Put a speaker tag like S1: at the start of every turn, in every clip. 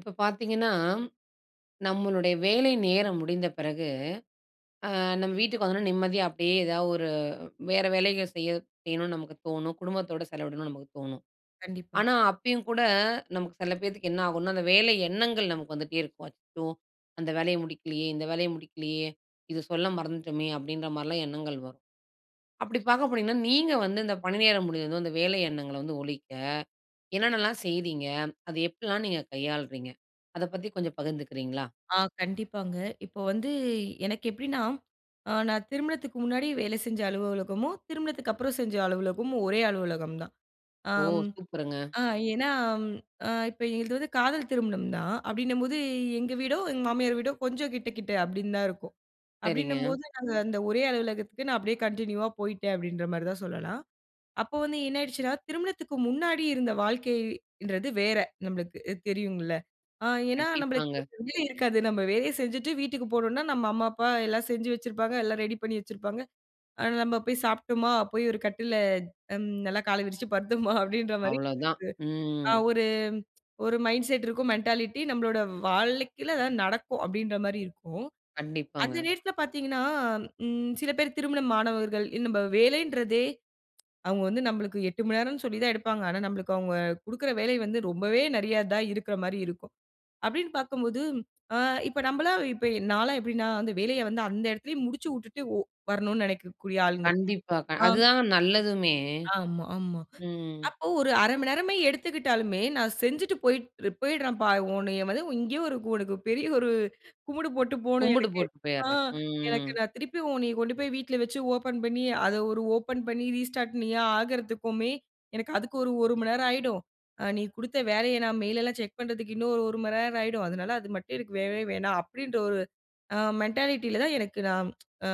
S1: இப்ப பார்த்தீங்கன்னா, நம்மளுடைய வேலைநேரம் முடிந்தபிறகு, அ நம்ம வீட்டுக்கு வந்தவுடனே நிம்மதியா அப்பிடியே எதா ஒரு வேற வேலைகள் செய்ய செய்யணுனு நமக்கு தோணும், குடும்பத்தோட செலவிடணும்னு நமக்கு தோணும்.ஆனா,
S2: கண்டிப்பா.
S1: அப்பயும் கூட நமக்கு சில பேத்துக்கு என்ன ஆகுன்னா, அந்த வேலை எண்ணங்கள் நமக்கு வந்துட்டே இருக்கும். அச்சச்சோ! அந்த வேலைய முடிக்கலயே! இந்த வேலைய முடிக்கலயே! இத சொல்ல மறந்துட்டோமே! அப்பிடின்றமாரிலாம் எண்ணங்கள் வரும். அப்பிடி பார்க்க போனீங்கன்னா, நீங்க வந்து இந்த பணி நேரம் முடிஞ்சதும், இந்த வேலை எண்ணங்கள வந்து ஒழிக்க, என்னென்ன எல்லாம் செய்தீங்க? அதை எப்பிடில்லாம் நீங்கள் கையாள்றீங்க? அதப் பத்தி கொஞ்சம் பகிர்ந்துக்ககிறீங்களா?
S2: ஆ, கண்டிப்பாங்க. இப்போ வந்து, எனக்கு எப்பிடின்னா, அ நான் திருமணத்துக்கு முன்னாடி வேலை செஞ்ச அலுவலகமும், திருமணத்துக்கு அப்புறம் செஞ்ச அலுவலகமும், ஒரே அலுவலகம் தான். ஆ,
S1: ஓ! சூப்பருங்க!
S2: அ ஏன்னா, ம், அ இப்ப எங்களுது வந்து காதல் திருமணம் தான். அப்பிடின்னம்போது எங்க வீடோ, எங்க மாமியார் வீடோ கொஞ்சம் கிட்ட, கிட்ட அப்பிடின்னு தான் இருக்கும்.
S1: சரிங்க.
S2: அப்பிடின்னும்போது, நாங்க அந்த ஒரே அலுவலகத்துக்கு நான் அப்பிடியே கன்டினியூவா போயிட்டேன் அப்பிடின்றமாரி தான் சொல்லலாம். அப்போ வந்து என்ன ஆயிடுச்சுன்னா, திருமணத்துக்கு முன்னாடி இருந்த வாழ்க்கை-ன்றது வேற, நம்மளுக்கு தெரியும்ல அ ஏன்னா நம்மளுக்கு
S1: கண்டிப்பாங்க.
S2: [unintelligible] இருக்காது, நம்ம வேலைய செஞ்சுட்டு வீட்டுக்கு போனோன்னா, நம்ம அம்மா, அப்பா எல்லாம் செஞ்சு வச்சிருப்பாங்க, எல்லாம் ரெடி பண்ணி வச்சிருப்பாங்க, ஆ, நம்ம போய் சாப்பிட்டம்மா, போயி ஒரு கட்டில்ல ம் நல்லா கால விரிச்சு படுத்தம்மா அப்பிடின்றமாரி ஒரு இது.
S1: அவ்ளதான்
S2: ஆ
S1: ம்.
S2: ஒரு, ஒரு மைண்ட் செட் இருக்கும் மென்டாலிட்டி நம்மளோட வாழ்க்கையில இதான் நடக்கும் அப்பிடின்றமாரி இருக்கும்.அந்த
S1: கண்டிப்பாங்க.
S2: நேரத்தில பார்த்தீங்கன்னா, ம் சில பேர் திருமணம் ஆனவர்கள் இன்னும் நம்ம வேலைன்றதே, அவுங்க வந்து நம்பளுக்கு 8 மணி நேரம்ன்னு சொல்லி தான் எடுப்பாங்க. ஆனா, நம்மளுக்கு அவுங்க கொடுக்குற வேலை வந்து ரொம்பவே நிறைய தான் இருக்குறமாரி இருக்கும். அப்பிடின்னு பார்க்கும்போது, ஆ இப்ப நம்பளா, இப்ப நான்லாம் எப்பிடினா அந்த வேலைய வந்து அந்த இடத்திலேயே முடிச்சு விட்டு ஒ வரணுனு நினைக்கக்கூடிய ஆளுங்க.
S1: கண்டிப்பா.
S2: ஆம்.
S1: அதுதாங்க நல்லதுமே!
S2: ஆமா, ஆமா.
S1: ம்.
S2: அப்போ, ஒரு 1/2 மணி நேரமே எடுத்துக்கிட்டாலுமே, நான் செஞ்சுட்டு போய்ட் போயிட்றேன்ப்பா! உன்னைய வந்து இங்கேயே ஒரு உனக்கு பெரிய ஒரு கும்பிடு போட்டு போணும்
S1: கும்புடு
S2: எனக்கு,
S1: போட்டு
S2: ஆ
S1: போயிட்றேன்,
S2: எனக்கு
S1: ம்.
S2: நான் திருப்பி உன்னைய கொண்டு போய் வீட்ல வச்சு ஓப்பன் பண்ணி, அத ஒரு ஓப்பன் பண்ணி, ரீஸ்டார்ட் நீயா ஆகறதுக்குமே, எனக்கு அதுக்கு ஒரு, ஒரு மணி நேரம் ஆகிடும். அ நீ கொடுத்த வேலைய நான் மெயில் எல்லாம் செக் பண்ணுறதுக்கு இன்னும் ஒரு, ஒரு மணி நேரம் ஆயிடும். அதனால அது மட்டும் எனக்கு வேண்டவே வேணாம் அப்பிடின்ற ஒரு அ மென்டாலிட்டில தான் எனக்கு நான் அ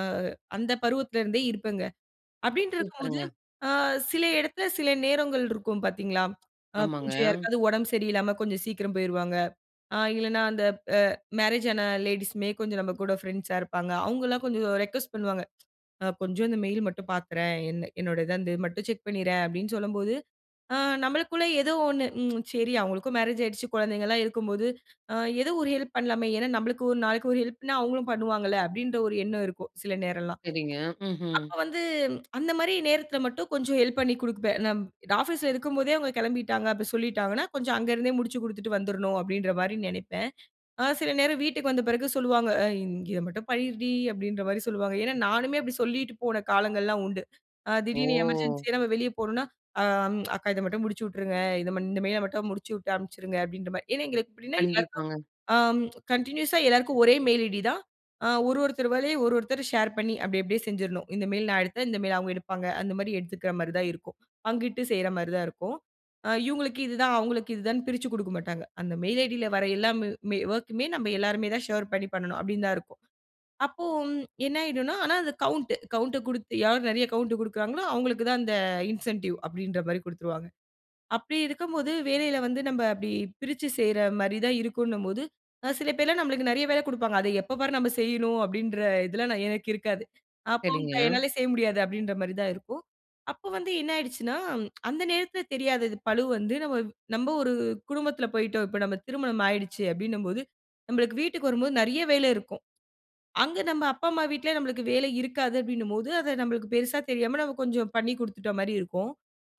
S2: அந்த பருவத்தில இருந்தே இருப்பேங்க. அப்பிடின்டு இருக்கும்போது,
S1: சூப்பர்ங்க!
S2: அ சில இடத்துல சில நேரங்கள் இருக்கும் பார்த்தீங்களா, அ
S1: ஆமாங்க.
S2: கொஞ்சம் யாருக்காவது உடம்பு சரியில்லாமல கொஞ்சம் சீக்கிரம் போயிருவாங்க. அ இல்லன்னா அந்த அ மேரேஜ் ஆன லேடீஸுமே கொஞ்சம் நம்ம கூட ஃப்ரெண்ட்ஸா இருப்பாங்க. அவுங்கல்லாம் கொஞ்சம் ரிக்வொஸ்ட் பண்ணுவாங்க. அ கொஞ்சம் இந்த மெயில் மட்டும் பார்த்துறேன்! என்ன, என்னோட இத வந்து மட்டும் செக் பண்ணிறேன், அப்பிடின்னு சொல்லும்போது, அ நம்மளுக்குள்ளே ஏதோ ஒன்னு, ம், சரி அவுங்களுக்கும் மேரேஜ் ஆயிடுச்சு, குழந்தைங்கலாம் இருக்கும்போது, அ எதோ ஒரு ஹெல்ப் பண்ணலாமே! ஏன்னா நம்மளுக்கு ஒரு நாளைக்கு ஒரு ஹெல்ப்னா அவுங்களும் பண்ணுவாங்கல்ல, அப்பிடின்ற ஒரு எண்ணம் இருக்கும். சில நேரம்லாம்
S1: சரிங்க. ம்ஹ்ம்.
S2: அப்போ வந்து அந்தமாரி நேரத்தில மட்டும் கொஞ்சம் ஹெல்ப் பண்ணிக் கொடுப்பேன். நான் ஆஃபீஸ்ல இருக்கும்போதே அவுங்க கிளம்பிட்டாங்க, அப்பிடி சொல்லீட்டாங்கன்னா, கொஞ்சம் அங்கருந்தே முடிச்சு கொடுத்துட்டு வந்துரணும் அப்பிடின்றமாரி நினைப்பேன். அ சில நேரம் வீட்டுக்கு வந்த பிறகு சொல்லுவாங்க. அ இங்க இத மட்டும் பண்ணிருடி! அப்பிடின்றமாரி சொல்லுவாங்க. ஏன்னா நானுமே, அப்பிடி சொல்லிட்டு போன காலங்கள்லாம் உண்டு. அ திடீர்னு
S1: ஓ!
S2: எமர்ஜென்சியா நம்ம வெளிய போணுன்னா, அ அக்கா இத மட்டும் முடிச்சு விட்ருங்க. இத இந்த மெயில மட்டும் முடிச்சுவிட்டு அனுப்பிச்சுருங்க அப்பிடின்றமாரி, ஏன்னா எங்களுக்கு எப்படின்னா யாருக்காவது
S1: கண்டிப்பாங்க.
S2: ஆம, கன்டினியூஸா எல்லாருக்கும் ஒரே மெயில் ஐடி தான். அ ஒரு, ஒருத்தர் வேலைய ஒரு, ஒருத்தர் ஷேர் பண்ணி அப்பிடி, அப்பிடியே செஞ்சிர்ணும். இந்த மெயில் நான் எடுத்தேன், இந்த மெயில் அவுங்க எடுப்பாங்க. அந்தமாரி எடுத்துக்கிறமாரி தான் இருக்கும். பங்கிட்டு செய்றமாரி தான் இருக்கும். அ இவுங்களுக்கு இதுதான், அவுங்களுக்கு இதுதான்னு பிரிச்சு கொடுக்க மாட்டாங்க. அந்த மெயில் ஐடி ல வர எல்லா ம் ஒர்க்குமே நம்ம எல்லாருமே தான் ஷேர் பண்ணி பண்ணணும் அப்பிடின்னு தான் இருக்கும். அப்போ! என்னாயிடுன்னா ஆனா அந்த கவுண்ட் கவுண்ட் குடுத்து யார் நிறைய கவுண்ட் குடுக்குறாங்களோ! அவுங்களுக்கு தான் அந்த இன்சென்டிவ் அப்பிடின்றமாரி கொடுத்துருவாங்க. அப்பிடி இருக்கும்போது வேலையில வந்து நம்ம அப்பிடி பிரிச்சு செய்றமாரி தான் இருக்குன்னம்போது, அ சில பேர்லாம் நம்மளுக்கு நிறைய வேலை கொடுப்பாங்க. அத எப்போ பாரு நம்ம செய்யணும் அப்பிடின்ற இதெல்லாம் எ எனக்கு இருக்காது. அ போங்க
S1: சரிங்க.
S2: அக்கா! என்னால செய்ய முடியாது அப்பிடின்றமாரி தான் இருக்கும். அப்போ வந்து என்னாகிடுச்சுன்னா அந்த நேரத்துல தெரியாது அது பழு வந்து நம்ம, நம்ம ஒரு குடும்பத்துல போயிட்டோம் இப்ப நம்ம திருமணம் ஆகிடுச்சு, அப்பிடின்னம்போது, நம்மளுக்கு வீட்டுக்கு வரும்போது நிறைய வேலை இருக்கும். அங்கே நம் அப்பா, அம்மா வீட்ல நமக்கு வேலை இருக்காது அப்பஜடின்னும்போது அத நம்மளுக்கு பெரிசா தெரியாம நாம கொஞ்சம் பண்ணி கொடுத்துட்ட மாரி இருக்கும்.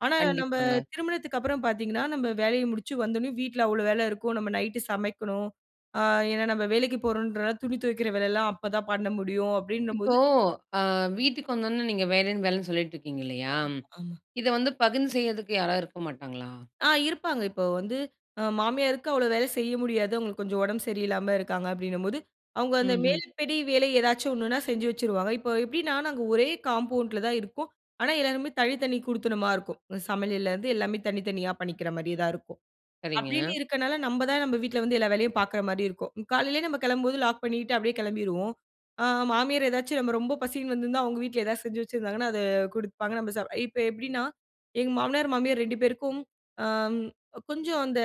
S2: ஆனா நம்ப
S1: கண்டிப்பாங்க.
S2: திருமணத்துக்கு அப்புறம் பார்த்தீங்கன்னா, நம்ம வேலை முடிச்சு வந்த உடனே வீட்ல அவ்வளவு வேலை இருக்கும். நம்ம நைட் சமைக்கணும். ஆ ஏன்னா நம்ம வேலைக்கு போறோம்ன்றனால துணி துவைக்கிற வேலல்லாம் அப்பதான் பண்ண முடியும்
S1: இப்போ
S2: அப்பிடினம்போது.
S1: ஆ வீட்டுக்கு வந்தவுடனே நீங்க வேற ஏதும் வேலன்னு சொல்லிட்டு இருக்கீங்க இல்லயா!
S2: ஆமா ஆமா.
S1: இத வந்து பகிர்ந்து செய்யிறதுக்கு யாராவது இருக்க மாட்டாங்களா?
S2: ஆ, இருப்பாங்க இப்போ வந்து அ மாமியாருக்கு அவ்ளோ வேல செய்ய முடியாது. அவுங்களுக்கு கொஞ்சம் உடம்பு சரியில்லாம இருக்காங்க, அப்பிடின்னும்போது, அவுங்க அந்த
S1: ம்ஹ்ம்.
S2: மேல்ப்படி வேல ஏதாச்சும் ஒன்னுன்னா செஞ்சு வச்சுருவாங்க. இப்போ எப்பிடின்னா, நாங்க ஒரே காம்பவுண்ட்ல தான் இருக்கோம். ஆனா எல்லாருமே தனித்தனி குடித்தனமா இருக்கும். இந்த சமையல்ல இருந்து எல்லாமே தனித்தனியா பண்ணிக்கிறமாரியே தான் இருக்கோம்.
S1: சரிங்க.
S2: அப்பிடின்னு இருக்கனால நம்ம தான் நம்ம வீட்ல வந்து எல்லா வேலையும் பார்க்குறமாரி இருக்கும். காலையிலேயே நம்ம கிளம்பும்போது லாக் பண்ணிட்டு அப்பிடியே கிளம்பிருவோம். அ மாமியார் ஏதாச்சும் நம்ம ரொம்ப பசிக்கிதுன்னு வந்திருந்தா, அவுங்க வீட்ல ஏதாவது செஞ்சு வச்சிருந்தாங்கன்னா, அத குடுப்பாங்க, நம்ம சாப் இப்ப எப்பிடின்னா, எங்க மாமனார், மாமியார் 2 பேருக்கும், அ கொஞ்சம் அந்த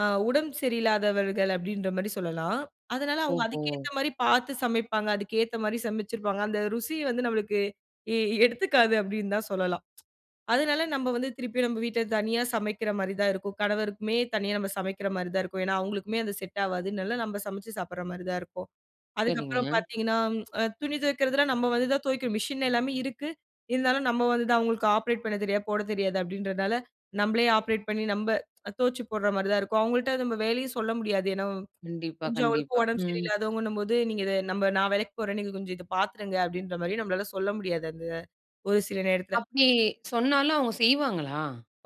S2: அ உடம்பு சரியில்லாதவர்கள அப்பிடின்றமாரி சொல்லலாம். அதனால அவுங்க
S1: ஓஹோ!
S2: அதுக்கேத்தமாரி பார்த்து சமைப்பாங்க, அதுக்கேத்தமாரி சமைச்சிருப்பாங்க. அந்த ருசி வந்து நம்மளுக்கு எ எடுத்துக்காது அப்பிடின்னு தான் சொல்லலாம். அதனால நம்ம வந்து திருப்பியும் நம்ம வீட்ல தனியா சமைக்கிறமாரி தான் இருக்கும். கணவருக்குமே தனியா நம்ம சமைக்கிறமாரி தான் இருக்கும். ஏன்னா அவுங்களுக்குமே, அது செட் ஆவாதுனால நம்ம சமைச்சு சாப்புட்றமாரி தான் இருக்கும். அதுக்கப்புறம்
S1: சரிங்க.
S2: பார்த்தீங்கன்னா, அ துணி துவைக்கிறதெல்லாம் நம்ம வந்து தான் துவைக்கணும் மிஷின் எல்லாமே இருக்கு. இருந்தாலும் நம்ம வந்து தான் அவுங்களுக்கு ஆப்ரேட் பண்ணத் தெரியாது, போடத் தெரியாது அப்பிடின்றதுனால நம்மளே ஆப்ரேட் பண்ணி நம்ப துவச்சு போட்றமாரி தான் இருக்கும். வுங்கள்ட்ட நம்ம வேலையும் சொல்ல முடியாது. ஏன்னா
S1: கண்டிப்பா,
S2: கொஞ்சம் அவுங்களுக்கும்
S1: கண்டிப்பா.
S2: உடம்பு
S1: ம்.
S2: சரியில்லாதவங்கன்னும்போது, நீங்க இத நம்ம நான் வேலைக்கு போறேன், நீங்க கொஞ்சம் இத பார்த்துருங்க அப்பிடின்றமாரி நம்மளால சொல்ல முடியாது அந்த ஒரு சில நேரத்தில.
S1: அப்பிடி சொன்னாலும், அவுங்க செய்வாங்களா?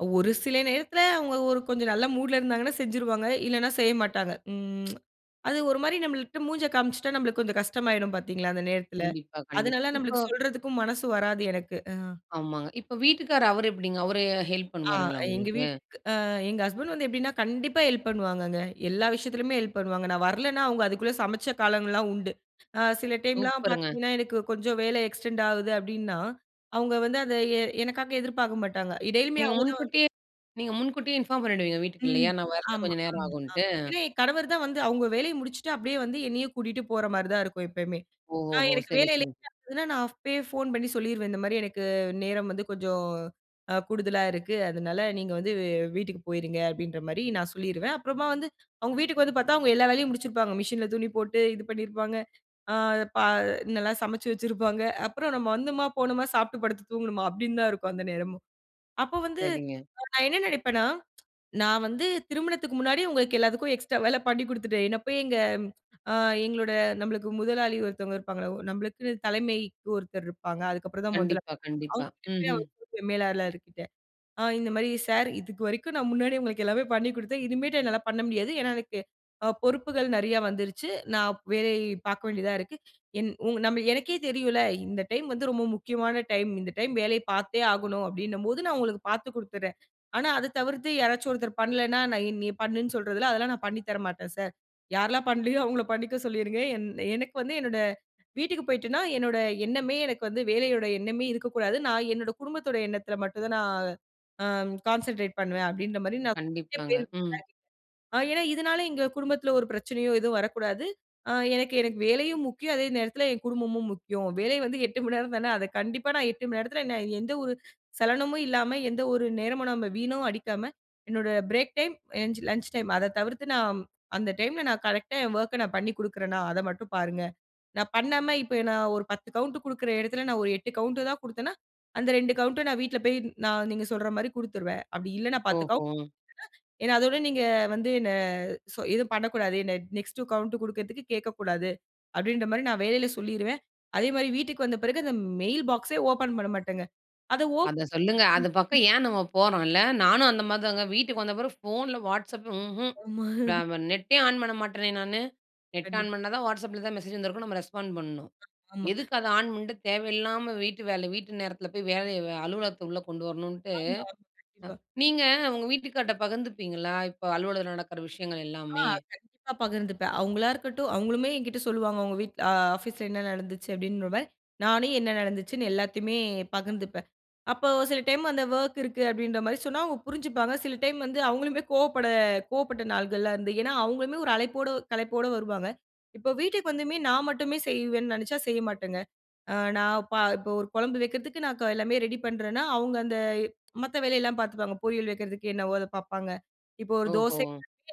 S2: ஒரு சில நேரத்துல, அவுங்க ஒரு கொஞ்சம் நல்ல மூட்‌ ல இருந்தாங்கன்னா செஞ்சுருவாங்க. இல்லன்னா, செய்யமாட்டாங்க. ம் அது ஒருமாரி நம்மள்ட்ட மூஞ்ச காமிச்சிட்டா நமக்கு கொஞ்சம் கஷ்டம் ஆயிடும் பார்த்தீங்களா? அந்த நேரத்துல.
S1: கண்டிப்பா, கண்டிப்பா.
S2: அதனால
S1: இப்போ
S2: நமக்கு சொல்றதுக்கும் மனசு வராது எனக்கு. ஆ.
S1: ஆமாங்க. இப்ப வீட்டுக்காரர் அவரு எப்பிடிங்க? அவரு ஹெல்ப்
S2: ஆ
S1: பண்ணுவாருங்களா
S2: எங்க
S1: உங்களுக்கு?
S2: வீட்டுக்கு அ எங்க ஹஸ்பண்ட் வந்து எப்பிடின்னா, கண்டிப்பா ஹெல்ப் பண்ணுவாங்கங்க. எல்லா விஷயத்துலயுமே ஹெல்ப் பண்ணுவாங்க. நான் வரலன்னா, அவுங்க அதுக்குள்ளே சமைச்ச காலங்கள்லாம் உண்டு. அ சில டைம்லாம்
S1: சூப்பருங்க!
S2: பார்த்தீங்கன்னா எனக்கு கொஞ்சம் வேலை எக்ஸ்டெண்ட் ஆகுது அப்பிடின்னா, அவுங்க வந்து அத எ எனக்காக எதிர்பார்க்க மாட்டாங்க. இடையிலுமே
S1: நீங்க
S2: அவுங்க தான் வந்து
S1: முன்கூட்டியே! நீங்க முன்கூட்டியே இன்ஃபார்ம் பண்ணிடுவீங்க, வீட்டுக்கு
S2: ம்.
S1: இல்லயா? நான் வர்றதுக்கு
S2: ஆமா,
S1: கொஞ்சம் நேரம்
S2: ஆமா, ஆமா.
S1: ஆகுன்ட்டு.
S2: ஏன்னா என் கணவர்தான் வந்து அவுங்க வேலைய முடிச்சுட்டு அப்பிடியே வந்து என்னைய கூட்டிட்டு போறமாரி தான் இருக்கும் எப்பயுமே!
S1: ஓஹோ!
S2: நான்
S1: ஹோ!
S2: எனக்கு
S1: சரி,
S2: வேலை
S1: சரி.
S2: இல்லன்னா நான் அப்பயே ஃபோன் பண்ணி சொல்லிருவேன். இந்தமாரி எனக்கு நேரம் வந்து கொஞ்சம் அ கூடுதலா இருக்கு. அதனால நீங்க வந்து வெ வீட்டுக்கு போயிடுங்க அப்பிடின்ற மாதிரி நான் சொல்லிருவேன்.அப்புறமா வந்து அவுங்க வீட்டுக்கு வந்து பார்த்தா, அவுங்க எல்லா வேலையும் முடிச்சிருப்பாங்க. மிஷின் ல துணி போட்டு இது பண்ணியிருப்பாங்க, அ பா நல்லா சமைச்சு வச்சிருப்பாங்க அப்புறம் நம்ம வந்தம்மா, போனோமா, சாப்பிட்டு படுத்து தூங்குனம்மா, அப்பிடின்னு தான் இருக்கும் அந்த நேரமும். அப்போ வந்து
S1: சரிங்க.
S2: நான் என்ன நினைப்பேன்னா, நான் வந்து திருமணத்துக்கு முன்னாடி, உங்களுக்கு எல்லாத்துக்கும் எக்ஸ்ட்ரா வேலை பண்ணி கொடுத்துட்டேன். என்ன போய் எங்க அ எங்களோட நம்மளுக்கு முதலாளி ஒருத்தவங்க இருப்பாங்கள. நம்மளுக்குன்னு தலைமைக்கு ஒருத்தர் இருப்பாங்க, அதுக்கப்புறம் தான் முதலா
S1: கண்டிப்பா, கண்டிப்பா.
S2: அவுங்ககிட்ட
S1: ம்ஹ்ம்.
S2: போய் மேலாளர் கிட்ட, அ இந்தமாரி சார்! இதுக்கு வரைக்கும் நான் முன்னாடியே உங்களுக்கு எல்லாமே பண்ணி கொடுத்தேன், இனிமேட்டு என்னால பண்ண முடியாது. ஏன்னா, எனக்கு அ பொறுப்புகள் நிறையா வந்துருச்சு. நான் வேலை பார்க்க வேண்டியதா இருக்கு. என் உங் நம்ம எனக்கே தெரியும்ல, இந்த டைம் வந்து ரொம்ப முக்கியமான டைம். இந்த டைம் வேலைய பார்த்தே ஆகணும் அப்பிடின்னும் போது, நான் உங்களுக்கு பார்த்து கொடுத்துறேன். ஆனா, அத தவிர்த்து யாராச்சும் ஒருத்தர் பண்லேன்னா, நான் நீ பண்ணுன்னு சொல்றதில அதெல்லாம் நான் பண்ணித் தரமாட்டேன் சார். யாரெல்லாம் பண்ணலயோ! அவுங்கள பண்ணிக்க சொல்லிருங்க, என் எனக்கு வந்து என்னோடய வீட்டுக்கு போயிட்டேன்னா, என்னோட எண்ணமே எனக்கு வந்து வேலையோட எண்ணமே இருக்கக்கூடாது, நான் என்னோட குடும்பத்தோட எண்ணத்தில மட்டும் தான் நான் அ கான்சன்ட்ரேட் பண்ணுவேன், அப்பிடின்றமாரி நான் பேர்
S1: கண்டிப்பாங்க
S2: [unintelligible]
S1: ம்.
S2: ஏன்னா இதனால, எங்க குடும்பத்தில ஒரு பிரச்சனையோ எதுவும் வரக்கூடாது, அ எனக்கு, எனக்கு வேலையும் முக்கியம், அதே நேரத்தில என் குடும்பமும் முக்கியம். வேலை வந்து 8:00 மணி நேரம் தானே, அத கண்டிப்பா நான் 8:00 மணி நேரத்தில என்ன எந்த ஒரு சலனமும் இல்லாம, எந்த ஒரு நேரமும் நம்ம வீண அடிக்காம என்னோட பிரேக் டைம், எ லன்ச் டைம், அத தவிர்த்து நான் அந்த டைம் ல நான் கரெக்ட்டா என் ஒர்க்க நான் பண்ணி கொடுக்குறன்னா, அத மட்டும் பாருங்க. நான் பண்ணாம இப்ப நான் ஒரு 10 கவுண்ட் கொடுக்குற இடத்துல, நான் ஒரு 8 கவுண்ட் தான் கொடுத்தேனா, அந்த 2 கவுன்ட்ட நான் வீட்ல போய் நான் நீங்க சொல்றமாரி கொடுத்துருவேன். அப்பிடி இல்லைன்னா 10
S1: ஓஹோ!
S2: கவுண்ட் [unintelligible] ஏன்னா, அதோட நீங்க வந்து என்ன சொ எதுவும் பண்ணக்கூடாது. என்ன நெக்ஸ்ட் கௌவுண்ட் கொடுக்குறதுக்கு கேட்கக்கூடாது. அப்பிடின்றமாரி நான் வேலையில சொல்லிருவேன்.அதே மாதிரி வீட்டுக்கு வந்த பிறகு அந்த மெயில் பாக்ஸ்‌ ஏ ஓப்பன் பண்ணமாட்டங்க. அத ஓப்பன்
S1: அத சொல்லுங்க. அது
S2: ம்,
S1: பக்கம் ஏன் நம்ம போறோன்ல. நானும் அந்தமாரி தாங்க, வீட்டுக்கு வந்த பிறகு ஃபோன்ல Whatsapp ம்ஹ்ம்
S2: ஆமா
S1: ந ப நெட்டே ஆன் பண்ண மாட்டேனே! நானு. நெட்ட ஆன்
S2: கண்டிப்பா.
S1: பண்ணா தான் Whatsapp ல எதாது மெசேஜ் வந்திருக்கும், நம்ம ரெஸ்பாண்ட் பண்ணணும்.
S2: ஆமா.
S1: எதுக்கு அத ஆன் பண்ட்டு, தேவையில்லாம வீட்டு வேலை வீட்டு நேரத்தில போய் வேலைய அலுவலகத்த உள்ளே கொண்டு வரணுன்ட்டு அ,
S2: ஆமா. கண்டிப்பா.
S1: நீங்க உங்க வீட்டுக்கார்ட்ட பகிர்ந்துப்பீங்களா? இப்ப அலுவலகத்துல நடக்கிற விஷயங்கள்
S2: ஆ
S1: எல்லாமே?
S2: கண்டிப்பா பகிர்ந்துப்பேன். அவுங்களா இருக்கட்டும் அவுங்களுமே என்கிட்டே சொல்லுவாங்க, உங்க வீட்ல- ஆ ஆஃபீஸ் ல என்ன நடந்துச்சு? அப்பிடின்றமாரி நானே என்ன நடந்துச்சுன்னு எல்லாத்தையுமே பகிர்ந்துப்பேன். அப்போ சில டைம் அந்த ஒர்க் இருக்கு அப்பிடின்றமாரி சொன்னா அவுங்க புரிஞ்சுப்பாங்க, சில டைம் வந்து அவங்களுமே கோவப்பட கோவப்பட்ட நாள்கள்லாம் இருந்து ஏன்னா அவுங்களுமே ஒரு அழைப்போட, களைப்போட வருவாங்க. இப்போ வீட்டுக்கு வந்துமே நான் மட்டுமே செய்வேன்னு நினைச்சா, செய்ய மாட்டேங்க. அ நான் ப இப்போ ஒரு குழம்பு வைக்கிறதுக்கு நான் எல்லாமே ரெடி பண்ணுறேன்னா, அவுங்க அந்த மத்த வேலையெல்லாம் பார்த்துப்பாங்க. பொரியல் வைக்கிறதுக்கு என்னவோ அதை பார்ப்பாங்க, இப்போ ஒரு
S1: ஓஹோ!
S2: தோசை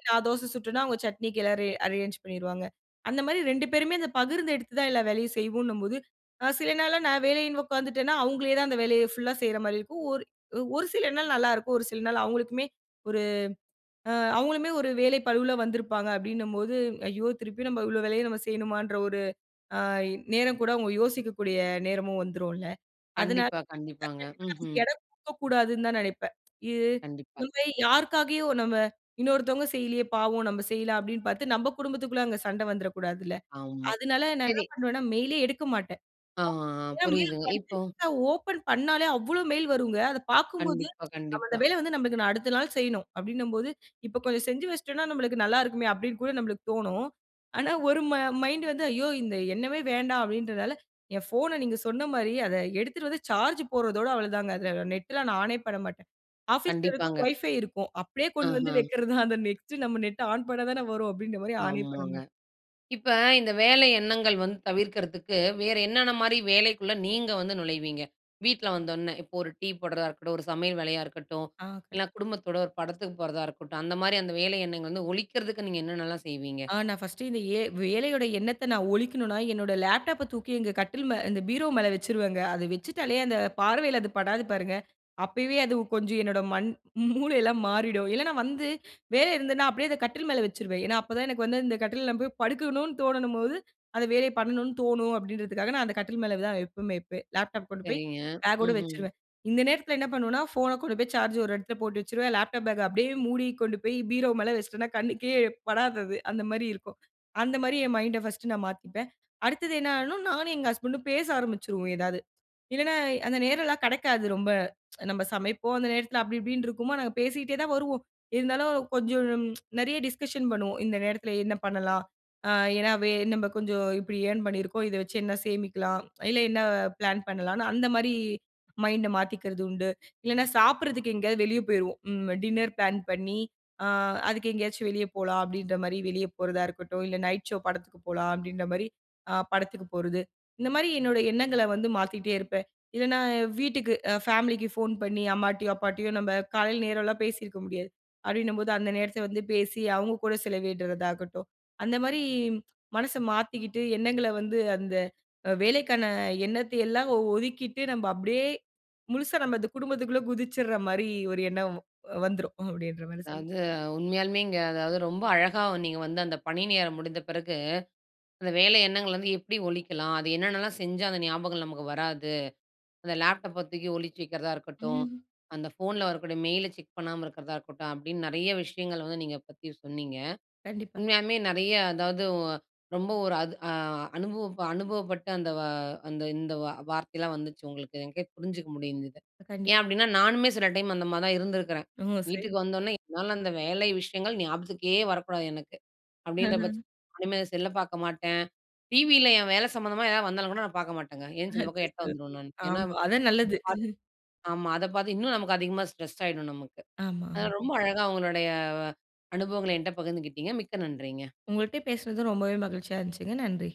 S2: நான் தோசை சுட்டன்னா, அவுங்க சட்னிக்கு எல்லாமே அரேஞ்ச் பண்ணிருவாங்க. அந்தமாரி 2 பேருமே அந்த பகிர்ந்து எடுத்து தான் எல்லா வேலையும் செய்வோன்னும்போது, அ சில நாள்லாம் நான் வேலன்னு உக்காந்துட்டேன்னா, அவுங்களே தான் அந்த வேலைய ஃபுல்லா செய்றமாரி இருக்கும். ஒரு, ஒரு சில நாள் நல்லாயிருக்கும், ஒரு சில நாள் அவுங்களுக்குமே ஒரு ஆ அவுங்களுமே ஒரு வேலை பளுவுல வந்திருப்பாங்க. அப்பிடினம்போது ஐயோ! திருப்பி நம்ம இவ்வளவு வேலைய நாம் செய்யணுமான்ற ஒரு ஆ நேரம் கூட அவுங்க யோசிக்கக்கூடிய நேரமும் வந்துரும்ல்ல. அதனால
S1: கண்டிப்பா, கண்டிப்பாங்க.
S2: கண்டிப்பா அதுக்கு
S1: ம்ஹ்ம்.
S2: இடம் கொடுக்கக்கூடாதுனு தான் நினைப்பேன். இது
S1: கண்டிப்பா.
S2: [unintelligible] யாருக்காகவோ நம்ம இன்னொருத்தங்க செய்யல்லயே! பாவம்! நம்ம செய்யலாம் அப்பிடின்னு பார்த்து நம்ம குடும்பத்துக்குள்ள அங்க சண்ட வந்துறக்கூடாதுல்ல.
S1: ஆமா,
S2: அதனால நான் என்ன
S1: சரி.
S2: பண்ணுவேன்னா, மெயில் லே எடுக்க மாட்டேன்.
S1: ஆ, ஆ,
S2: ஏன்னா மெயில்
S1: புரியுதுங்க. இப்போ,
S2: படிச்சிட்டுதான் ஓப்பன் பண்ணாலே அவ்ளோ மெயில் வருங்க. அத பார்க்கும்போது
S1: கண்டிப்பா,
S2: நம்ம அந்த
S1: கண்டிப்பா.
S2: வேலை வந்து நம்மளுக்கு நான் அடுத்த நாள் செய்யணும் அப்பிடின்னம்போது இப்ப கொஞ்சம் செஞ்சு வச்சுட்டோன்னா, நம்மளுக்கு நல்லாயிருக்குமே அப்பிடின்னு கூட நம்மளுக்கு தோணும். ஆனா ஒரு ம மை மைண்ட் வந்து ஐயோ! இந்த எண்ணமே வேண்டாம் அப்பிடின்றதால, என் ஃபோன நீங்க சொன்னமாரி அத எடுத்துட்டு வந்து சார்ஜ் போடுறதோட அவ்ளதாங்க. அதில நெட் லாம் நான் ஆனே பண்ண மாட்டேன். ஆஃபீஸ் ல இருக்கும்,
S1: கண்டிப்பாங்க.
S2: ஒய்ஃபை இருக்கும். அப்பிடியே கொண்டு வந்து
S1: ஆஹா!
S2: வைக்கிறத தான். அந்த நெக்ஸ்ட்டு நம்ம நெட் ஆன் பண்ண தானே வரும். அப்பிடின்றமாரி ஆனே பண்ண
S1: ஆமாங்க.
S2: மாட்டேன்.
S1: இப்ப இந்த வேலை எண்ணங்கள் வந்து தவிர்க்கிறதுக்கு வேறு என்னென்னமாரி வேலைக்குள்ள நீங்க வந்து நுழைவீங்க? வீட்ல வந்தவுடனே இப்போ ஒரு டீ போடுறதா இருக்கட்டும், ஒரு சமையல் வேலையா இருக்கட்டும்,
S2: ஆ. கண்
S1: இல்லன்னா குடும்பத்தோட ஒரு படத்துக்கு போறதா இருக்கட்டும், அந்தமாரி அந்த வேலை எண்ணங்கள் வந்து, ஒழிக்கிறதுக்கு நீங்க என்னென்னலாம் செய்வீங்க?
S2: ஆ நான் ஃபர்ஸ்ட்டு இந்த எ வேலையோட எண்ணத்த நான் ஒழிக்கணுன்னா, என்னோட லேப்டாப் ப தூக்கி எங்க கட்டில் மே இந்த பீரோ மேலே வச்சுருவேங்க. அதை வச்சுட்டாலே அந்த பார்வையில அது படாது பாருங்க. அப்பவே அது கொஞ்சம் என்னோட மண் மூளையெல்லாம் மாறிடும் இல்லன்னா, வந்து வேலை இருந்ததுன்னா அப்பிடியே அத கட்டில் மேல வச்சுருவேன். ஏன்னா அப்ப தான் எனக்கு வந்து இந்த கட்டில்ல நான் போய் படுக்கணுனு தோணும்போது அந்த வேலைய பண்ணனு தோணும் அப்பிடின்றதுக்காக, நான் அந்த கட்டில் மேல தான் எப்பயுமே வைப்பேன். லேப்டாப் கொண்டு போய்
S1: சரிங்க.
S2: பேக் ஓட
S1: ம்ஹ்ம்.
S2: வச்சுருவேன். இந்த நேரத்தில என்ன பண்ணுவேன்னா, ஃபோன் கொண்டு போய் சார்ஜ் ஒரு இடத்தில போட்டு வச்சுருவேன். லேப்டாப் பேக்‌ அ அப்பிடியே மூடி கொண்டு போய் பீரோ மேலே வச்சுட்டன்னா கண்ணுக்கே படாது அது. அந்தமாரி இருக்கும். அந்த மாதிரி என் மைண்ட ஃபர்ஸ்ட் நான் மாத்தீப்பேன். அடுத்தது என்ன ஆயிரும் நானும் எங்க ஹஸ்பண்ட் ம் பேச ஆரம்பிச்சுருவோம் ஏதாவது. இல்லன்னா, அந்த நேரம்லாம் கிடைக்காது ரொம்ப நம்ம சமைப்போம், அந்த நேரத்தில அப்படி இப்பிடின்டு இருக்குமா! நாங்க பேசீட்டே தான் வருவோம். இருந்தாலும் கொஞ்சம் நிறைய டிஸ்கஷன் பண்ணுவோம், இந்த நேரத்தில என்ன பண்ணலாம்? அ ஏன்னா வே நம்ம கொஞ்சம் இப்பிடி ஏர்ன் பண்ணியிருக்கோம், இத வச்சு என்ன சேமிக்கலாம்? இல்ல என்ன பிளான் பண்ணலான்னு அந்தமாரி மைண்ட மாத்திக்கிறது உண்டு. இல்லன்னா, சாப்பிடுறதுக்கு எங்கேயாவது வெளியே போயிருவோம் ம் டின்னர் பிளான் பண்ணி அ அதுக்கு எங்கேயாச்சும் வெளியே போலாம் அப்பிடின்றமாரி வெளிய போறதா இருக்கட்டும், இல்ல "நைட் ஷோ" படத்துக்கு போகலாம் அப்பிடின்றமாரி அ படத்துக்கு போறது. இந்தமாரி என்னுடைய எண்ணங்கள வந்து மாத்திக்கிட்டே இருப்பேன். இல்லன்னா, வீட்டுக்கு அ ஃபேமிலிக்கு ஃபோன் பண்ணி அம்மாட்டயும், அப்பாட்டயும் நம்ப காலையில நேரலாம் பேசியிருக்க முடியாது. அப்பிடின்னம்போது அந்த நேரத்த வந்து பேசி அவுங்க கூட செலவிடுறதாகட்டும், அந்தமாரி மனச மாத்திக்கிட்டு எண்ணங்கள வந்து அந்த வேலைக்கான எண்ணத்த எல்லாம் ஒதுக்கிட்டு நம்ம அப்பிடியே முழுசா நம்ம அந்த குடும்பத்துக்குள்ளே குதிச்சிர்றமாரி ஒரு எண்ணம் வந்துரும் அப்பிடின்றமாரி சொல்லலாம்.
S1: அதாவது, உண்மையாலுமேங்க, அதாவது ரொம்ப அழகா நீங்க வந்து அந்த பணி நேரம் முடிந்த பிறகு, அந்த வேலை எண்ணங்கள வந்து எப்பிடி ஒழிக்கலாம்? அது என்னென்னலாம் செஞ்சா அந்த ஞாபகம் நமக்கு வராது? அந்த லேப்டாப்ப தூக்கி ஒழிச்சு வைக்கிறதா இருக்கட்டும், அந்த ஃபோன்ல வரக்கூடிய மெயில் ல செக் பண்ணாம இருக்கிறதா இருக்கட்டும், அப்பிடின்னு நிறைய விஷயங்கள் வந்து நீங்க பத்தி சொன்னீங்க.
S2: கண்டிப்பா.
S1: உண்மையாலுமே நிறைய அதாவது ஒ ரொம்ப ஒரு அது அ அனுபவப்ப அனுபவப்பட்டு அந்த வா அந்த இந்த வா வார்த்தையெல்லாம் வந்துச்சு. உங்களுக்கு எனக்கே புரிஞ்சிக்க முடிஞ்சது.
S2: கண்டிப்பா.
S1: ஏன் அப்பிடின்னா, நானுமே சில டைம் அந்தமாரி தான் இருந்திருக்கிறேன்.
S2: ம்.
S1: வீட்டுக்கு
S2: சரிங்க.
S1: வந்தோன்னே, என்னால அந்த வேலை விஷயங்கள் ஞாபகத்துக்கே வரக்கூடாது எனக்கு ,அப்பிடின்ற பட்சத் இனிமே செல் ல பார்க்க மாட்டேன், டிவியில என் வேல சம்மந்தமா எதாவது வந்தாலும் கூட நான் பார்க்க மாட்டேங்க.
S2: அ
S1: எந்திரிச்சு இந்த பக்கம் எட்ட
S2: அச்சச்சோ!
S1: வந்துருவேன் நானு. ஏன்னா
S2: ஆமா
S1: [unintelligible]
S2: அதான் நல்லது.
S1: ஆமா அத பார்த்து இன்னும் நமக்கு அதிகமா ஸ்ட்ரெஸ் ஆயிடும் நமக்கு.
S2: ஆமா, ஆமா.
S1: அதாவது ரொம்ப அழகா உங்களுடைய அனுபவங்கள எங்கிட்ட பகிர்ந்துக்கிட்டீங்க. மிக்க நன்றிங்க.
S2: உங்கள்ட்ட பேசினது ரொம்பவே மகிழ்ச்சியா இருந்துச்சுங்க. நன்றி!